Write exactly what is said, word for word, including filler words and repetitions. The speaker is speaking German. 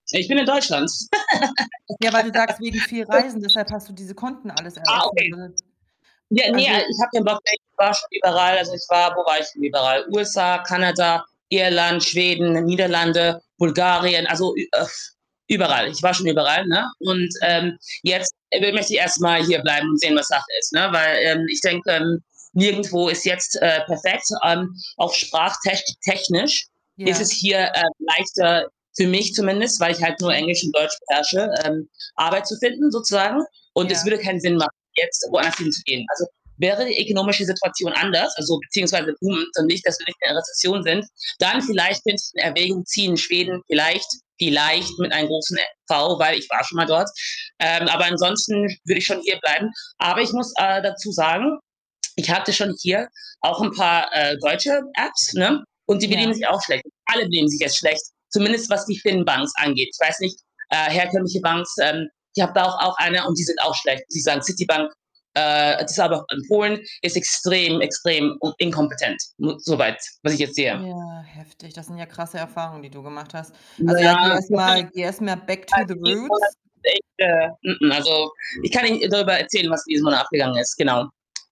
Ich bin in Deutschland. Ja, weil du sagst wegen viel Reisen, deshalb hast du diese Konten alles Ah, eröffnet, okay. ne? Ja, ne, ich Also habe ja 'n, [unintelligible] ich war schon überall. Also, ich war wo war ich denn überall? USA, Kanada, Irland, Schweden, Niederlande, Bulgarien. Also ü äh, überall. Ich war schon überall, ne, und, Mhm. ähm, jetzt wi möchte ich erst mal hierbleiben und sehen, was Sache ist, ne, weil, ähm, ich denke, hm, nirgendwo ist jetzt, äh, perfekt. Ähm, auch sprachtech technisch ist es Ja. hier, äh, leichter für mich zumindest, weil ich halt nur Mhm. Englisch und Deutsch beherrsche, ähm, Arbeit zu finden sozusagen und es Ja. würde keinen Sinn machen, jetzt woanders hinzugehen. Also, wäre die ökonomische Situation anders, also beziehungsweise Boom, dann nicht dass wir nicht mehr in der Rezession sind, dann vielleicht könnte ich in Erwägung ziehen, Schweden vielleicht vielleicht mit einem großen e V, weil ich war schon mal dort. Ähm, aber ansonsten würde ich schon hierbleiben. Aber ich muss, äh, dazu sagen, ich hatte schon hier auch 'n paar, äh, deutsche Apps, ne, und die benehmen Ja. sich auch schlecht. Alle benehmen sich jetzt schlecht, zumindest was die Fin-Banks angeht. Ich weiß nicht, äh, herkömmliche Banks, ähm, ich habe da auch auch eine und die sind auch schlecht. Sie sagen, Citybank, äh, das ist aber auch in Polen, ist extrem, extrem u inkompetent mo so weit, was ich jetzt sehe. Ja, heftig. Das sind ja krasse Erfahrungen, die du gemacht hast. Ja,, Also ja, geh erst mal geh erst mal back to the [unintelligible] mh roots. mh, also ich kann Ihnen darüber erzählen, was diesen Monat abgegangen ist, genau.